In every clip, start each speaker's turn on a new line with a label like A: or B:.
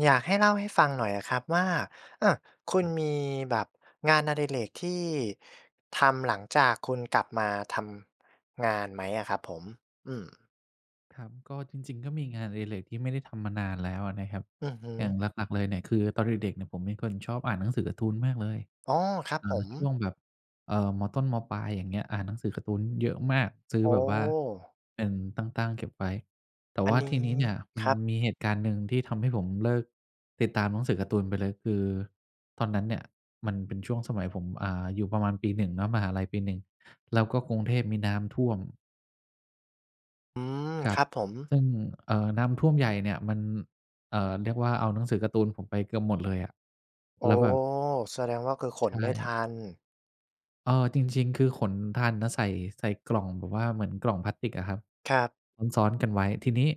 A: อยากให้เล่าให้ฟังหน่อยอะครับว่า อา คุ
B: ค
A: ณ
B: รับ
A: มีแบบงานอดิเรกที่ ทำหลังจากคุณกลับมาทำ งานไหมอะครับผม? อืม
B: ครับ ก็จริง ๆ ก็มีงานอดิเรกที่ไม่ได้ทำมานานแล้วอะนะครับ
A: อือฮึ
B: อย่างหลัก ๆ เลยเนี่ย คือตอนเด็ก ๆ ผมเป็นคนชอบอ่านหนังสือการ์ตูนมากเลย
A: อ๋อ ครับ
B: อ่
A: ผ
B: า
A: ม
B: ช่วงแบบ เอ่อ ม.ต้น ม.ปลาย อย่างเงี้ย อ่านหนังสือการ์ตูนเยอะมาก ซื้
A: โ
B: อ
A: อ
B: แ
A: ้!
B: บบว่า เป็นตั้ง ๆ เก็บไว้ แต่
A: อั
B: ว
A: น
B: ่า
A: นี้
B: ที่นี้เนี่ย มั
A: ค
B: น
A: รับ
B: มีเหตุการณ์หนึ่งที่ทำให้ผมเลิกติดตามหนังสือการ์ตูนไปเลย คือตอนนั้นเนี่ย มันเป็นช่วงสมัยผม อ่า อยู่ประมาณปี 1 เนาะ มหาลัยปี 1 แล้วก็กรุงเทพมีน้ำท่วม
A: อืม
B: ครั
A: ค
B: บ
A: รับผม
B: ซึ่ง เอ่อ น้ำท่วมใหญ่เนี่ยมัน เอ่อ เรียกว่าเอาหนังสือการ์ตูนผมไปเกือบหมดเลยอะ
A: โอ
B: แ
A: ้!
B: ล้วแบบ
A: แสดงว่าคือข
B: ใช
A: นไม่ท
B: ่
A: ัน
B: เออ จริง ๆ คือขนทันนะ ใส่ ใส่กล่องแบบว่าเหมือนกล่องพลาสติกอะครับ
A: ครับ
B: ซ้อน ๆ กันไว้ ทีนี้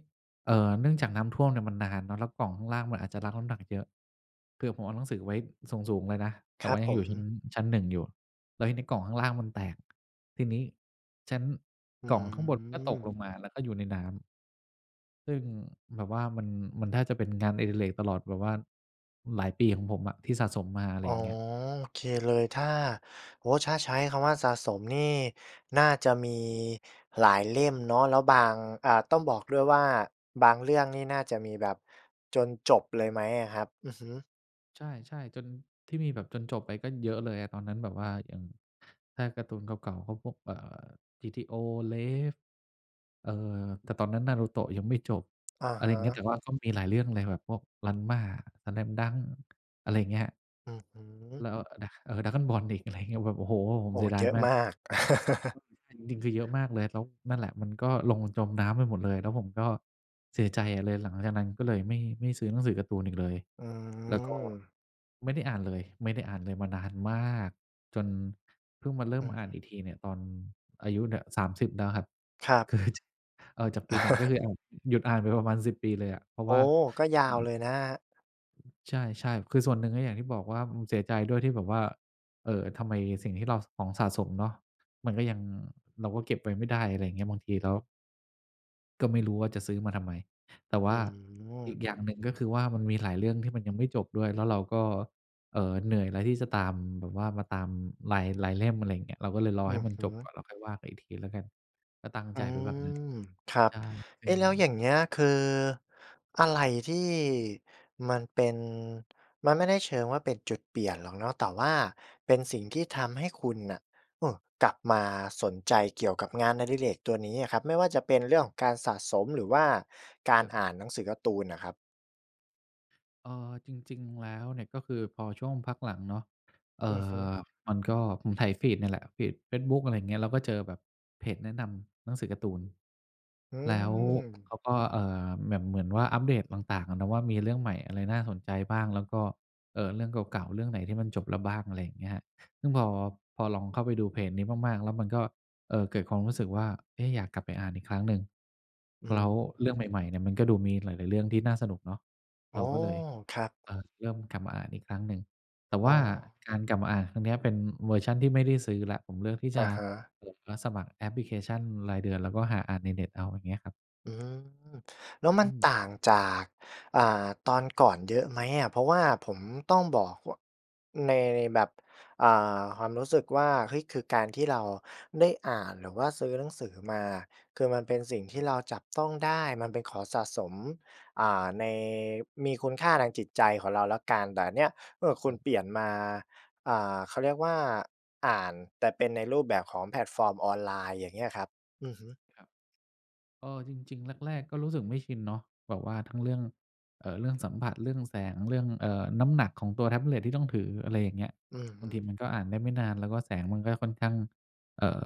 B: เอ่อ เนื่องจากน้ำท่วมเนี่ยมันนานเนาะ แล้วกล่องข้างล่างมันอาจจะรับน้ำหนักเยอะ คือผมเอาหนังสือไว้สูง ๆ เลยนะ แต
A: ค
B: ่
A: ร
B: ว
A: ั
B: ่
A: บ
B: ายั
A: ผ
B: งอยู่ชั้น
A: ม
B: ชั้น 1 อยู่ แล้วทีนี้กล่องข้างล่างมันแตก ทีนี้ชั้น
A: อื
B: กล่องข้างบนก็ตกล
A: ม
B: งมา แล้วก็อยู่ในน้ำ ซึ่งแบบว่ามัน มันแทบจะเป็นงานอดิเรกตลอดแบบว่า หลายปีของผมอะที่สะสมมา อะไ
A: อ
B: ร
A: ๋อ
B: อย่างเงี้ย
A: โอเคเลย ถ้า โอ้โฮ! ถ้าใช้คำว่าสะสมนี่ น่าจะมีหลายเล่มเนาะ แล้วบาง อา ต้องบอกด้วยว่า บางเรื่องนี้น่าจะมีแบบ จนจบเลยไหมอะครับ? อือฮึ
B: ใช่ ๆ จน ที่มีแบบ จนจบไปก็เยอะเลยอะ ตอนนั้นแบบว่ายัง ถ้าการ์ตูนเก่า ๆ ก็พวก เอ่อ GTO RAVE เอ่อ แต่ตอนนั้น Naruto ยังไม่จบ
A: อะ
B: อะ
A: ฮ
B: ไรอย่างเงี้ย
A: ะ
B: แต่ว่าก็มีหลายเรื่องเลย แบบพวก Ranma Slam Dunk อะไรอย่างเงี้ย
A: อือฮึ
B: แล้ว เออ นะ เออ Dragon Ball อีก อะไรอย่างเงี้ย แบบ โอ้โฮ! ผ
A: โ
B: ม
A: อ้
B: เสียดา
A: เย
B: ย
A: อะ
B: มาก
A: มาก
B: ข้อสำคัญ จริง ๆ เยอะมากเลย แล้ว นั่นแหละ มันก็ลงจมน้ำไปหมดเลย แล้วผมก็เสียใจอะ เลยหลังจากนั้นก็เลยไม่ ไม่ซื้อหนังสือการ์ตูนอีกเลย
A: อ
B: แล้วก็
A: ือ
B: ไม่ได้อ่านเลย ไม่ได้อ่านเลยมานานมาก จนพึ่งมาเริ่
A: อ
B: ม
A: ือ
B: อ่
A: ฮ
B: าน
A: ึ
B: อีกทีเนี่ย ตอนอายุเนี่ย 30 แล้วครับ
A: ครับ
B: คือ จ เอ่อ จากปี 1 ก็คือแอบหยุดอ่านไปประมาณ 10 ปีเลยอะ เพราะ
A: โอ
B: ว
A: ้!
B: ่า
A: ก็ย
B: ค
A: า
B: รั
A: วเ
B: บ
A: ลยนะครับ
B: ใช่ ๆ คือส่วนหนึ่งก็อย่างที่บอกว่า อืม เสียใจด้วยที่แบบว่า เอ่อ ทำไมสิ่งที่เรา ส ของสะสมเนาะ มันก็ยัง เราก็เก็บไว้ไม่ได้ อะไรอย่างเงี้ย บางทีแล้ว ก็ไม่รู้ว่าจะซื้อมาทำไม แต่ว
A: อื
B: ่าอี
A: อ
B: กอย่างหนึ่งก็คือว่า มันมีหลายเรื่องที่มันยังไม่จบด้วย แล้วเราก็ เอ่อ เหนื่อยแล้วที่จะตาม แบบว่ามาตามหลาย หลายเล่ม อะไรอย่างเงี้ย เราก็เลยรอ
A: อื
B: ให้
A: อ
B: มัน
A: ฮ
B: จบก
A: ึ
B: ่อน แล้วค่อยว่ากันอีกทีแล้วกัน ก็ตั้ง
A: อ
B: ใจ
A: ื
B: ไว้แบบนั้น
A: ม ครั
B: ใ
A: บ
B: ช่ ซ
A: เ
B: ึ
A: อ
B: ่
A: ๊ะ แล้วอย
B: ง
A: ่างเงี้ย คือ อะไรที่ มันเป็น มันไม่ได้เชิงว่าเป็นจุดเปลี่ยนหรอกเนาะ แต่ว่าเป็นสิ่งที่ทำให้คุณน่ะ อือ กลับมาสนใจเกี่ยวกับงานอดิเรกตัวนี้อะครับ ไม่ว่าจะเป็นเรื่องของการสะสม หรือว่าการ
B: ครับ
A: อ่านหนังสือการ์ตูนอะครับ?
B: เอ่อ จริง ๆ แล้วเนี่ย ก็คือพอช่วงพักหลังเนาะ เอ
A: อ
B: ่
A: ือฮึ
B: อ มันก็ ผมไถฟีดนี่แหละ ฟีดเฟซบุ๊ก อะไรอย่างเงี้ย แล้วก็เจอแบบเพจแนะนำหนังสือการ์ตูน
A: อื
B: แล้ว
A: ม
B: เขาก็ เอ่อ แบบเหมือนว่าอัปเดตต่าง ๆ อะเนาะว่า มีเรื่องใหม่อะไรน่าสนใจบ้าง แล้วก็ เอ่อ เรื่องเก่า ๆ เรื่องไหนที่มันจบแล้วบ้าง อะไรอย่างเงี้ยครับ ซึ่งพอ พอลองเข้าไปดูเพจนี้มาก ๆ แล้วมันก็ เอ่อ เกิดความรู้สึกว่า เอ๊ะ อยากกลับไปอ่านอีกครั้งหนึ่ง
A: อื
B: แล้ว
A: ม
B: เรื่องใหม่ ๆ เนี่ย มันก็ดูมีหลาย ๆ เรื่องที่น่าสนุกเนาะ
A: อ๋
B: เร
A: อ
B: าก็เลย
A: ครับ
B: เออ เริ่มกลับมาอ่านอีกครั้งหนึ่ง แต่
A: อ
B: ว
A: ๋
B: ่า
A: อ
B: การกลับมาอ่านครั้งเนี้ย เป็นเวอร์ชันที่ไม่ได้ซื้อแล้ว ผมเลือกที่
A: อ
B: จ
A: ะ
B: ะ
A: ฮะ
B: โหลด แล้วสมัครแอปพลิเคชันรายเดือน แล้วก็หาอ่านในเน็ตเอา อย่างเงี้ยครับ
A: อืม แล้วมั
B: อื
A: น
B: ม
A: ต่างจาก อ่า ตอนก่อนเยอะไหมอะ? เพราะว่าผมต้องบอก ว ใน ในแบบ อ่า ความรู้สึกว่า เฮ้ย! คือการที่เราได้อ่าน หรือว่าซื้อหนังสือมา คือมันเป็นสิ่งท
B: ค
A: ี
B: รั
A: ่
B: บ
A: เราจับต้องได้ มันเป็นของสะสม อ่า ใน มีคุณค่าทางจิตใจของเราแล้วกัน แต่อันเนี่ย เอ่อ คุ
B: ค
A: ณ
B: รับ
A: เปลี่ยนมา อ่า เขาเรียกว่า อ่าน แต่เป็นในรูปแบบของแพลตฟอร์มออนไลน์ อย่างเงี้ยครับ อือฮึ
B: ครับ เออ จริง ๆ แรก ๆ ก็รู้สึกไม่ชินเนาะ แบบว่าทั้งเรื่อง เอ่อ เรื่องสัมผัส เรื่องแสง เรื่อง เอ่อ น้ำหนักของตัวแท็บเล็ตที่ต้องถือ อะไรอย่างเงี้ย
A: อือฮ
B: บา
A: ึ
B: งทีมันก็อ่านได้ไม่นาน แล้วก็แสงมันก็ค่อนข้าง เอ่อ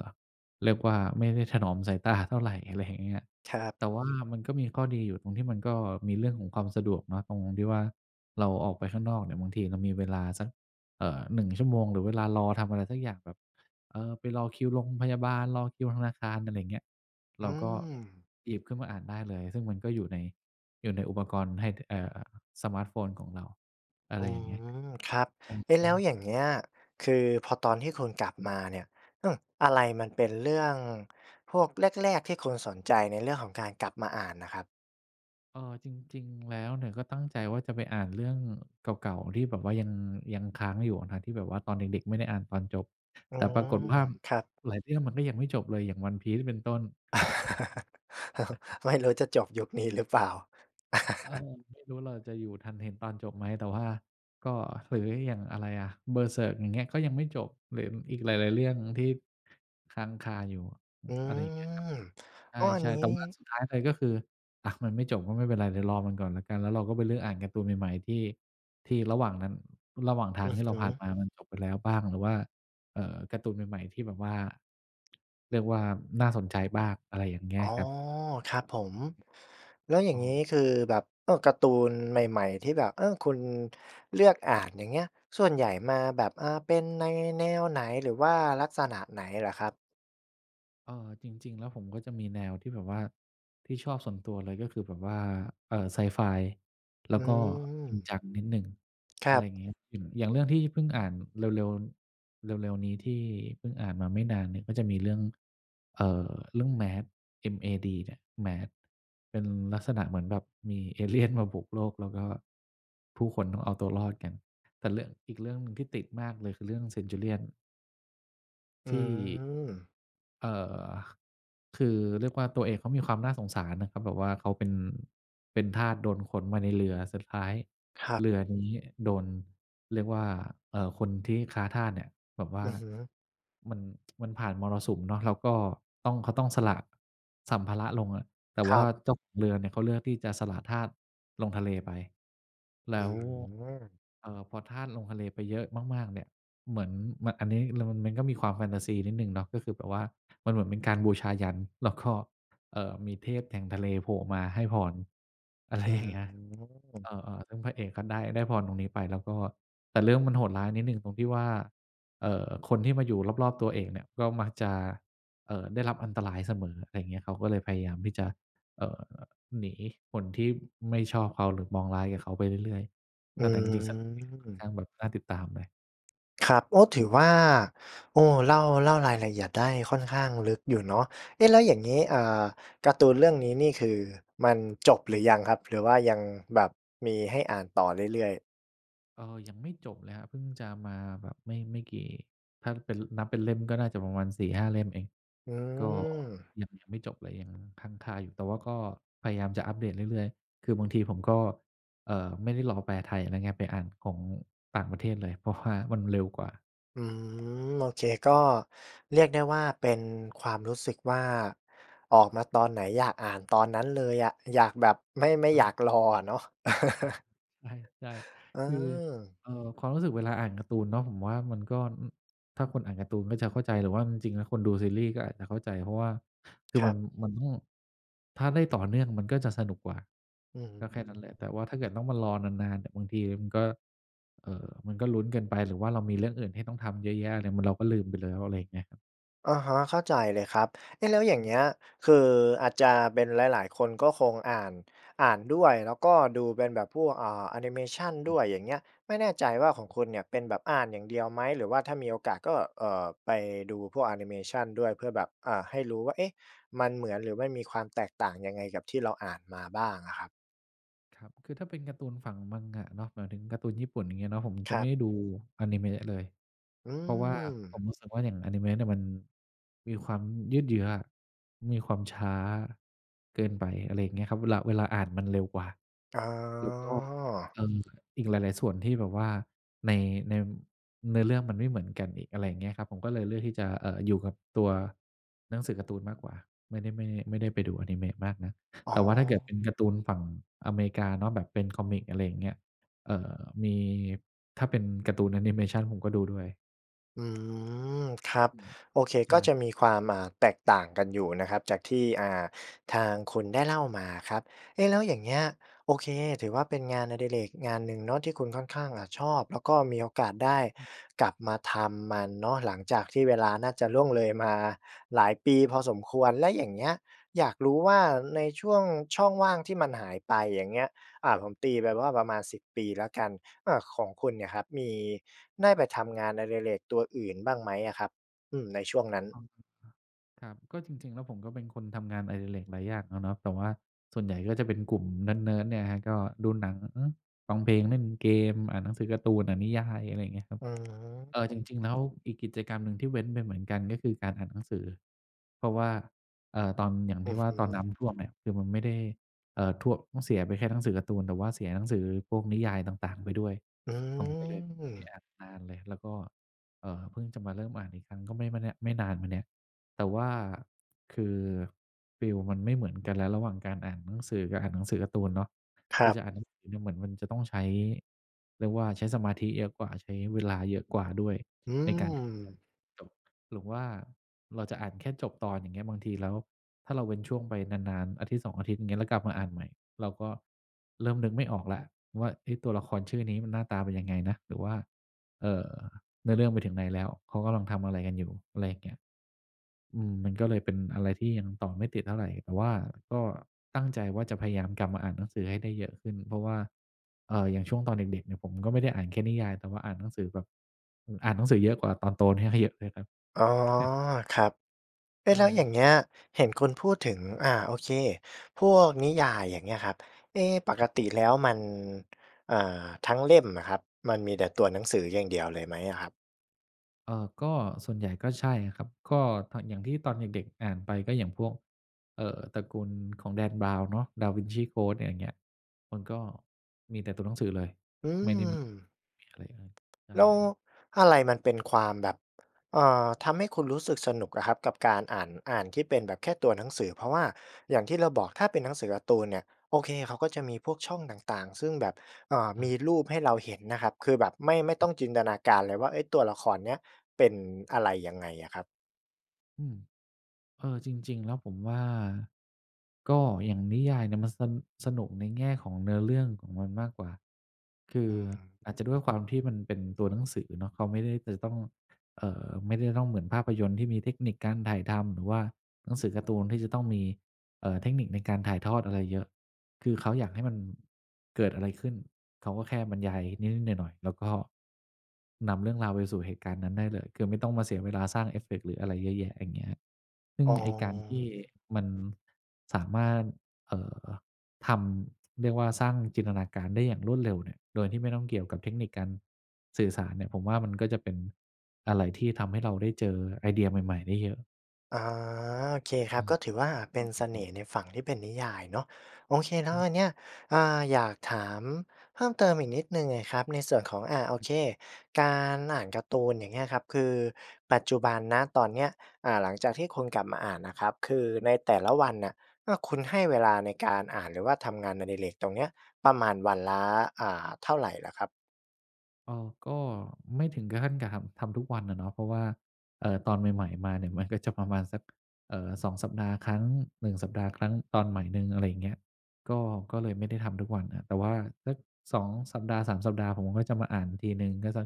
B: เรียกว่าไม่ได้ถนอมสายตาเท่าไร อะไรอย่างเงี้ย
A: ครับ
B: แต่ว่ามันก็มีข้อดีอยู่ ตรงที่มันก็มีเรื่องของความสะดวกเนาะ ตรงที่ว่าเราออกไปข้างนอกเนี่ย บางทีเรามีเวลาสัก เอ่อ 1 ชั่วโมง หรือเวลารอทำอะไรสักอย่างแบบ เออ ไปรอคิวโรงพยาบาล รอคิวธนาคาร อะไรอย่างเงี้ย เ
A: อ
B: รา
A: ื
B: ก็
A: ม
B: หยิบขึ้นมาอ่านได้เลย ซึ่งมันก็อยู่ใน อยู่ในอุปกรณ์ให้ถะ เอ่อ สมาร์ตโฟนของเรา อะ
A: อ
B: ไ
A: ื
B: รอย่างเงี้ย
A: ม ครับ
B: จม
A: เอ๊ะ
B: ง
A: แ
B: ี
A: ล้ว
B: ้
A: อย่างเงี้ย คือพอตอนที่คุณกลับมาเนี่ย อื้อ อะไรมันเป็นเรื่องพวกแรก ๆ ที่คุณสนใจในเรื่องของการกลับมาอ่านน่ะครับ?
B: เอ่อ จริง ๆ แล้วเนี่ยก็ตั้งใจว่าจะไปอ่านเรื่องเก่า ๆ ที่แบบว่ายัง ยังค้างอยู่อะนะที่แบบว่าตอนเด็ก ๆ ไม่ได้อ่านตอนจบ
A: อื
B: แต่ปร
A: ม
B: ากฏว่า
A: ครับ
B: หลายเรื่องมันก็ยังไม่จบเลย อย่าง One Piece เนี่ย เป็นต้น
A: ไม่รู้จะจบยุคนี้หรือเปล่า?
B: เออ ไม่รู้เราจะอยู่ทันเห็นตอนจบไหม? แต่ว่า ก็ หรืออย่างอะไรอะ Berserk อย่างเงี้ย ก็ยังไม่จบ หรืออีกหลาย ๆ เรื่องที่ค้างคาอยู่
A: อื
B: อะไรอย่างเงี้ยครับ
A: ม
B: ใ
A: อ้อ อัน
B: ช่
A: น
B: ๆ
A: ี
B: แต่ว่า
A: ้
B: สุดท้ายเลย ก็คือ อะ มันไม่จบก็ไม่เป็นไร เดี๋ยวรอมันก่อนแล้วกัน แล้วเราก็ไปเลือกอ่านการ์ตูนใหม่ ๆ ที่ ที่ระหว่างนั้น ระหว่างท
A: อ
B: าง
A: ือ
B: ที่
A: ฮ
B: เราผ่าน
A: ึ
B: มามันจบไปแล้วบ้าง หรือว่า เอ่อ การ์ตูนใหม่ ๆ ที่แบบว่า เรียกว่าน่าสนใจบ้าง อะไรอย่างเงี้
A: อ๋
B: ย
A: อ
B: ครับ
A: ครับผม แล้วอย่า
B: ก
A: งงี้
B: ็
A: คือแบบ เออ การ์ตูนใหม่ ๆ ที่แบบ เออ คุณเลือกอ่าน อย่างเงี้ย ส่วนใหญ่มาแบบ อา เป็นในแนวไหน หรือว่าลักษณะไหนเหรอครับ?
B: เอ่อ จริง ๆ แล้วผมก็จะมีแนวที่แบบว่า ที่ชอบส่วนตัวเลยก็คือแบบว่า เอ่อ ไซไฟ แล
A: อ
B: ้
A: ื
B: วก็จริง
A: ม
B: จังนิดหนึ่ง
A: ค
B: อ
A: ร
B: ะไ
A: ั
B: รอ
A: บ
B: ย่างเงี้ย อย่าง อย่างเรื่องที่เพิ่งอ่านเร็ว ๆ เร็ว ๆ นี้ที่พึ่งอ่านมาไม่นานเนี่ย ก็จะมีเรื่อง เอ่อ เรื่อง MAD เอ็ม-เอ-ดี เนี่ย MAD เป็นลักษณะเหมือนแบบมีเอ เลี่ยน มาบุกโลก แล้วก็ ผู้คนต้องเอาตัวรอดกัน แต่เรื่อง อีกเรื่องหนึ่งที่ติดมากเลยคือเรื่องเซ็นจูเรี่ยน
A: อื
B: ที่
A: ม
B: เอ่อ คือเรียกว่า ตัวเอกเขามีความน่าสงสารนะ เขาแบบว่า เขาเป็น เป็นทาส โดนขนมาในเรือ สุดท้าย
A: ครับ
B: เรือนี้โดน เรียกว่า เอ่อ คนที่ค้าทาสเนี่ยแบบว่
A: อ
B: า
A: ือฮึ
B: มัน มันผ่านมรสุมเนาะ แล้วก็ต้อง เขาต้องสละสัมภาระลงอะ แต่
A: ค
B: ว
A: ร
B: ่า
A: ับ
B: เจ้าของเรือเนี่ยเขาเลือกที่จะสละทาสลงทะเลไป แล
A: อื
B: ้ว
A: ม
B: เอ่อ พอทาสลงทะเลไปเยอะมาก ๆ เนี่ย เหมือนมัน อันนี้ แล้วมัน มันก็มีความแฟนทาซีนิดหนึ่งเนาะ ก็คือแบบว่ามันเหมือนเป็นการบูชายัญ แล้วก็ เอ่อ มีเทพแห่งทะเลโผล่มาให้พร อะไร
A: อื
B: อย่างเงี้ย เอ
A: ม
B: อ ๆ ซึ่งพระเอกก็ได้ ได้พรตรงนี้ไป แล้วก็แบบ แต่เรื่องมันโหดร้ายนิดหนึ่งตรงที่ว่า เอ่อ คนที่มาอยู่รอบ ๆ ตัวเอกเนี่ย ก็มักจะ เอ่อ ได้รับอันตรายเสมอ อะไรอย่างเงี้ย เขาก็เลยพยายามที่จะ เอ่อ หนีคนที่ไม่ชอบเขา หรือมองร้ายกับเขาไปเรื่อย
A: อ
B: ๆ เออ แต่จริง ๆ สนุกดีนะ ค่อน
A: ื
B: ข
A: ม
B: ้างแบบน่าติดตามเลย
A: ครับ โอ้! ถือว่า โอ้ เล่า เล่ารายละเอียดได้ค่อนข้างลึกอยู่เนาะ เอ๊ะ แล้วอย่างงี้ อ่า การ์ตูนเรื่องนี้นี่ คือมันจบหรือยังครับ? หรือว่ายังแบบมีให้อ่านต่อเรื่อย ๆ
B: เอ่อ ยังไม่จบเลยครับ เพิ่งจะมาแบบไม่ ไม่กี่ ถ้าเป็น นับเป็นเล่ม ก็น่าจะประมาณ 4-5 เล่มเอง
A: อื
B: ก็
A: ม
B: ยัง ยังไม่จบเลย ยังค้างคาอยู่ แต่ว่าก็พยายามจะอัปเดตเรื่อย ๆ คือบางทีผมก็ เอ่อ ไม่ได้รอแปลไทยอะไรเงี้ย ไปอ่านของต่างประเทศเลย เพราะ ว่า มันเร็วกว่า
A: อืม โอเค ก็เรียกได้ว่า เป็นความรู้สึกว่า ออกมาตอนไหน อยากอ่านตอนนั้นเลยอะ อยากแบบ ไม่ ไม่
B: อ
A: อยา
B: า
A: กรออะเนาะ
B: ใช่
A: เ
B: ๆ คือ
A: ออ
B: เอ่อ ความรู้สึกเวลาอ่านการ์ตูนเนาะ ผมว่ามันก็ อ ถ้าคนอ่านการ์ตูนก็จะเข้าใจ หรือว่าจริง ๆ แล้วคนดูซีรีส์ก็อาจจะเข้าใจ เพราะว่า คื
A: ค
B: อ
A: ร
B: ม
A: ั
B: ั
A: บ
B: น มัน อืม ถ้าได้ต่อเนื่องมันก็จะสนุกกว่า
A: อื้อฮื
B: ก็แค่นั้นแหละ แต่
A: อ
B: ว่าถ้าเกิดต้องมารอนาน ๆ น่ะ บางทีมันก็ เอ่อ มันก็ลุ้นเกินไป หรือว่าเรามีเรื่องอื่นที่ต้องทำเยอะแยะอะไร เหมือนเราก็ลืมไปแล้ว อะไรอย่างเงี้ยครับ
A: อะฮะ เข้าใจเลยครับ เอ๊ะ แล้วอย่า
B: อ
A: งเ
B: ืม
A: งี้ย คืออาจจะเป็น หลาย ๆ คนก็คงอ่าน อ่านด้วย แล้วก็ดูเป็นแบบพวก อ่า แอนิเมชัน
B: คร
A: ด
B: ั
A: ้
B: บ
A: วย อย่างเงี้ย ไม่แน่ใจว่าของคุณเนี่ยเป็นแบบอ่านอย่างเดียวไหม? หรือว่าถ้ามีโอกาสก็ เอ่อ ไปดูพวกแอนิเมชันด้วย เพื่อแบบ อ่า ให้รู้ว่า เอ๊ะ! มันเหมือน หรือไม่มีความแตกต่างยังไงกับที่เราอ่านมาบ้างอะครับ
B: ครับ คือถ้าเป็นการ์ตูนฝั่ง manga เนาะ หมายถึงการ์ตูนญี่ปุ่น อย่างเงี้ยเนาะ ผม
A: ค
B: จะ
A: ร
B: ไม
A: ั
B: ่
A: บ
B: ได้ดูอานิเมะเลย
A: อื
B: เพราะว่าผ
A: ม
B: มรู้สึกว่า อย่างอานิเมะเนี่ยมันมีความยืดเยื้ออะ มีความช้า เกินไป อะไรอย่างเงี้ยครับ เวลา เวลาอ่านมันเร็วกว่า
A: อ๋
B: แล้วก็
A: อ
B: เอ่อ อีกหลาย ๆ ส่วนที่แบบว่าใน ใน เนื้อเรื่องมันไม่เหมือนกันอีก อะไรอย่างเงี้ยครับ ผมก็เลยเลือกที่จะ เอ่อ อยู่กับตัวหนังสือการ์ตูนมากกว่า ไม่ได้ ไม่ ไม่ได้ไปดูอานิเมะมากนัก
A: อ๋
B: แต่ว่าถ้าเกิดเ
A: อ
B: ป็นการ์ตูนฝั่งอเมริกาเนาะ แบบเป็นคอมิก อะไรอย่างเงี้ย เอ่อ มี ถ้าเป็นการ์ตูนแอนิเมชัน ผมก็ดูด้วย
A: อืม ครับ
B: อืม
A: โอเค
B: ใช
A: ก็จ
B: ่
A: ะมีความ อ่า แตกต่างกันอยู่นะครับ จากที่ อ่า ทางคุณได้เล่ามาครับ เอ๊ะ แล้วอย่างเงี้ย โอเค ถือว่าเป็นงานอดิเรกงานหนึ่งเนาะที่คุณค่อนข้างอะชอบ แล้วก็มีโอกาสได้
B: อืม
A: กลับมาทำมันเนาะ หลังจากที่เวลาน่าจะล่วงเลยมาหลายปีพอสมควร แล้วอย่างเงี้ยอยากรู้ว่า ในช่วงช่องว่างที่มันหายไป อย่างเงี้ย อ่า ผมตีไปว่าประมาณ 10 ปีแล้วกัน อ่า ของคุณเนี่ยครับ มี ได้ไปทำงานอดิเรกตัวอื่นบ้างไหมอะครับ? อือ ในช่วงนั้น
B: ครับ ก็จริง ๆ แล้วผมก็เป็นคนทำงานอดิเรกหลายอย่างอะเนาะ แต่ว่าส่วนใหญ่ก็จะเป็นกลุ่มเนิร์ด ๆ เนี่ยครับ ก็ดูหนัง ฟังเพลง เล่นเกม อ่านหนังสือการ์ตูน อ่านนิยาย อะไรเงี้ยครับ
A: อื
B: เอ่อ จ
A: ม
B: ริง ๆ แล้วอีกกิจกรรมหนึ่งที่เว้นไปเหมือนกัน ก็คือการอ่านหนังสือ เพราะว่า เอ่อ ตอน อย่าง
A: อ
B: ท
A: ื
B: ี่
A: อ
B: ว่
A: ฮ
B: า ตอนน
A: ึ
B: ้ำท่วมเนี่ย คือมันไม่ได้ เอ่อ ท่วม ต้องเสียไปแค่หนังสือการ์ตูน แต่ว่าเสียหนังสือพวกนิยายต่าง ๆ ไปด้วย
A: อื
B: ผมก็เลยไม่ได้
A: ม
B: อ่านนานเลย แล้วก็ เอ่อ เพิ่งจะมาเริ่มอ่านอีกครั้ง ก็ไม่ เมื่อเนี่ย ไม่นานมาเนี้ย แต่ว่าคือฟีลมันไม่เหมือนกัน แล้วระหว่างการอ่านหนังสือกับอ่านหนังสือการ์ตูนเนาะ
A: ค
B: ค
A: ร
B: ื
A: ั
B: อ
A: บ
B: จะอ่านหนังสือเนี่ย เหมือนมันจะต้องใช้ เรียกว่า ใช้สมาธิเยอะกว่า ใช้เวลาเยอะกว่าด้วย
A: อื
B: ในการที่จ
A: ม
B: ะจบ หรือว่าเราจะอ่านแค่จบตอน อย่างเงี้ย บางทีแล้ว ถ้าเราเว้นช่วงไปนาน ๆ 1-2 อาทิตย์ อย่างเงี้ย แล้วกลับมาอ่านใหม่ เราก็เริ่มนึกไม่ออกแล้วว่า เอ๊ะ ตัวละครชื่อนี้มันหน้าตาเป็นยังไงนะ? หรือว่า เอ่อ เนื้อเรื่องไปถึงไหนแล้ว เขากำลังทำอะไรกันอยู่? อะไรอย่างเงี้ย อืม มันก็เลยเป็นอะไรที่ยังต่อไม่ติดเท่าไร แต่ว่าก็ตั้งใจว่าจะพยายามกลับมาอ่านหนังสือให้ได้เยอะขึ้น เพราะว่า เอ่อ อย่างช่วงตอนเด็ก ๆ เนี่ยผมก็ไม่ได้อ่านแค่นิยาย แต่ว่าอ่านหนังสือแบบ อือ อ่านหนังสือเยอะกว่าตอนโตเนี่ย เยอะ เลยครับ
A: อ๋อ ครับ เอ๊
B: ใช
A: ะ
B: ่
A: แล้วอย่าง
B: ค
A: เง
B: รั
A: ี
B: บ
A: ้ย เห็นคุณพูดถึง อ่า โอเค พวกนิยาย อย่างเงี้ยครับ เอ๊ ป
B: ท
A: ก
B: ะ
A: ติแล้วมัน อ่า ทั้งเล่มน่ะครับ มันมีแต่ตัวหนังสืออย่างเดียวเลยไหมอะครับ?
B: เอ่อ ก็ ส่วนใหญ่ก็ใช่ครับ ก็ตอน อย่างที่ตอนเด็ก ๆ อ่านไป ก็อย่างพวก เอ่อ ตระกูลของ Dan Brown เนาะ Da Vinci Code อย่างเงี้ย มันก็ มีแต่ตัวหนังสือเลย
A: อื
B: ไม่ได้มี
A: ม
B: มีอะไรอย่างงี้ ใช่
A: แล้ว
B: ครับ
A: อะไรมันเป็นความแบบ เอ่อ ทำให้คุณรู้สึกสนุกอะครับกับการอ่าน อ่านที่เป็นแบบแค่ตัวหนังสือ เพราะว่าอย่างที่เราบอก ถ้าเป็นหนังสือการ์ตูนเนี่ย โอเค เขาก็จะมีพวกช่องต่าง ๆ ซึ่งแบบ เอ่อ
B: อ
A: ม
B: า
A: ีรูปให้เราเห็นนะครับ คือแบบไม่ ไม่ต้องจินตนาการเลยว่า เอ๊ะ! ตัวละครนี้เป็นอะไรยังไงอะครับ
B: อืม เออ จริง ๆ แล้วผมว่า ก็อย่างนิยายเนี่ยมัน ส สนุกในแง่ของเนื้อเรื่องของมันมากกว่า คื
A: อ
B: อ
A: ือฮ
B: อาจ
A: ึ
B: จะด้วยความที่มันเป็นตัวหนังสือเนาะ เขาไม่ได้จะต้อง เอ่อ ไม่ได้ต้องเหมือนภาพยนตร์ที่มีเทคนิคการถ่ายทำ หรือว่าหนังสือการ์ตูนที่จะต้องมี เอ่อ เทคนิคในการถ่ายทอดอะไรเยอะ คือเขาอยากให้มันเกิดอะไรขึ้น เขาก็แค่บรรยายนิด ๆ หน่อย ๆ แล้วก็นำเรื่องราวไปสู่เหตุการณ์นั้นได้เลย คือไม่ต้องมาเสียเวลาสร้างเอฟเฟกต์หรืออะไรเยอะแยะ อย่างเงี้ย ซึ่ง
A: อ๋
B: ไอ้การที่
A: อ
B: มันสามารถ เอ่อ ทำ เรียกว่าสร้างจินตนาการได้อย่างรวดเร็วเนี่ย โดยที่ไม่ต้องเกี่ยวกับเทคนิคการ สื่อสารเนี่ย ผมว่ามันก็จะเป็นอะไรที่ทำให้เราได้เจอไอเดียใหม่ ๆ ได้เยอะ
A: อา โอเคคร
B: อ
A: ั
B: ื
A: บ
B: ม
A: ก็ถือว่า
B: ช
A: เป
B: อ
A: ็
B: บ
A: น
B: แบ
A: เส
B: บน
A: น
B: ี้
A: ่ห์ในฝั่งที่เป็นนิยายเนาะ โอเค แล
B: ช
A: ้
B: ั
A: ว
B: ้น
A: อันเนี้ย อ่า อยากถามเพิ่มเติมอีกนิดหนึ่งอะครับ ในส่วนของ อะ โอเค การอ่านการ์ตูนอย่างเงี้ยครับ คือปัจจุบัน ณ ตอนเนี้ย อ่า หลังจากที่คุณกลับมาอ่านน่ะครับ คือในแต่ละวันน่ะ อา คุณให้เวลาในการอ่าน หรือว่าทำงานอดิเรกตรงเนี้ย ประมาณวันละ อ่า เท่าไรเหรอครับ?
B: อ๋อ ก็ไม่ถึงกับขั้น กับทำ ทำทุกวันอะเนาะ เพราะว่า เอ่อ ตอนใหม่ ๆ มาเนี่ย มันก็จะประมาณสัก เอ่อ 2 สัปดาห์ครั้ง 1 สัปดาห์ครั้ง ตอนใหม่หนึ่ง อะไรอย่างเงี้ย ก็ ก็เลยไม่ได้ทำทุกวันครับ แต่ว่าสัก 2 สัปดาห์ 3 สัปดาห์ ผมก็จะมาอ่านทีหนึ่ง ก็สัก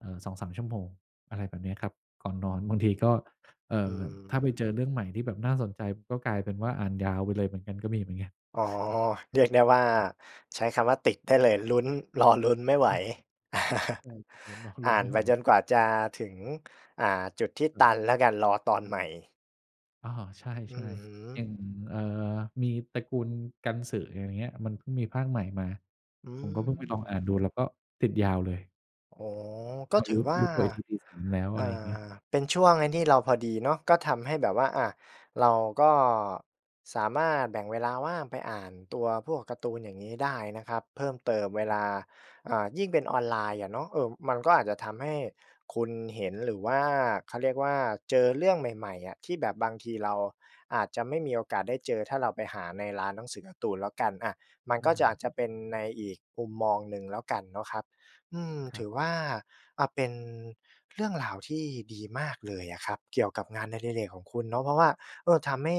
B: เอ่อ 2-3 ชั่วโมง อะไรแบบเนี้ยครับ ก่อนนอน บางทีก็ เอ่
A: อื
B: อ ถ
A: ม
B: ้าไปเจอเรื่องใหม่ที่แบบน่าสนใจ ก็กลายเป็นว่า อ่านยาวไปเลยเหมือนกัน ก็มีเหมือนกัน
A: อ๋อ เรียกได้ว่า
B: ครับ
A: ใช้คำว่าติดได้เลย ลุ้น รอลุ้นไม่ไหว
B: อ๋อ ใช่ เห็นแล้วก็ล
A: อ่
B: ุ้น
A: า
B: ไ
A: น
B: ม่
A: ไ
B: ไ
A: ป
B: หว
A: จนกว่าจะถึง อ่า จุดที่
B: ค
A: ต
B: รับ
A: ันแล้วกัน รอตอนใหม่
B: อ๋อ ใช
A: อื
B: ่
A: อฮ
B: ๆ อ
A: ึ
B: ย่าง เอ่อ มีตระกูลกันสึ อย่างเงี้ย มันเพิ่งมีภาคใหม่มา
A: อื
B: ผมก็เพิ่งไปลอง
A: ม
B: อ่านดู แล้วก็ติดยาวเลย
A: อ๋อ ก็
B: มา
A: ถ
B: ร
A: ื
B: ู
A: อ
B: ้
A: ว่
B: ร
A: า
B: ู้ตัวอีกทีตี 3 แล้ว
A: อ
B: อะไ
A: ่
B: รอย่างเงี้ย
A: า เป็นช่วงไอ้นี่เราพอดีเนาะ ก็ทำให้แบบว่า อะ เราก็สามารถแบ่งเวลาว่าง ไปอ่านตัว พวกการ์ตูนอย่างงี้ได้นะครับ เพิ่มเติม เว
B: ครั
A: ล
B: บ
A: า อ่า ยิ่งเป็นออนไลน์อะเนาะ เออ มันก็อาจจะทำให้คุณเห็นหรือว่า เขาเรียกว่า เจอเรื่องใหม่ ๆ อะ ที่แบบบางทีเราอาจจะไม่มีโอกาสได้เจอ ถ้าเราไปหาในร้านหนังสือการ์ตูนแล้วกัน อะ มัน
B: ใช
A: ก็จะ
B: ่
A: อาจจะเป็นในอีกมุมมองหนึ่งแล้วกันเนาะครับ อืม
B: คร
A: ถ
B: ับ
A: ือว่า อะ เป็นเรื่องราวที่ดีมากเลยอะครับ เกี่ยวกับงานอดิเรกของคุณเนาะ เพราะว่า เออ ทำให้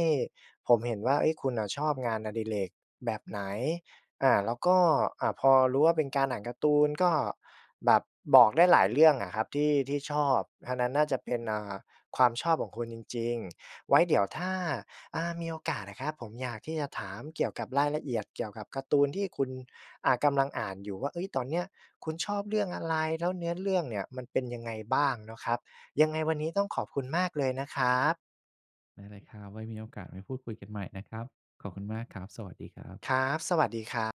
A: ผมเห็นว่า เฮ้ย คุณน่ะชอบงานอดิเรกแบบไหน? อา แล้วก็ อะ พอรู้ว่าเป็นการอ่านการ์ตูน ก็แบบบอกได้หลายเรื่องอะครับที่ ที่ชอบ อันนั้นน่าจะเป็น อ่า ความชอบของคุณจริง ๆ ไว้เดี๋ยวถ้า อ่า มีโอกาสอะครับ ผมอยากที่จะถามเกี่ยวกับรายละเอียดเกี่ยวกับการ์ตูนที่คุณ อ่า กำลังอ่านอยู่ว่า เฮ้ย ตอนเนี้ยคุณชอบเรื่องอะไร แล้วเนื้อเรื่องเนี่ยมันเป็นยังไงบ้าง? เนาะครับ ยังไงวันนี้ต้องขอบคุณมากเลยนะครับ
B: ได้เลยครับ ไว้มีโอกาสมาพูดคุยกันใหม่นะครับ ขอบคุณมากครับ สวัสดีครับ
A: ครับ สวัสดีครับ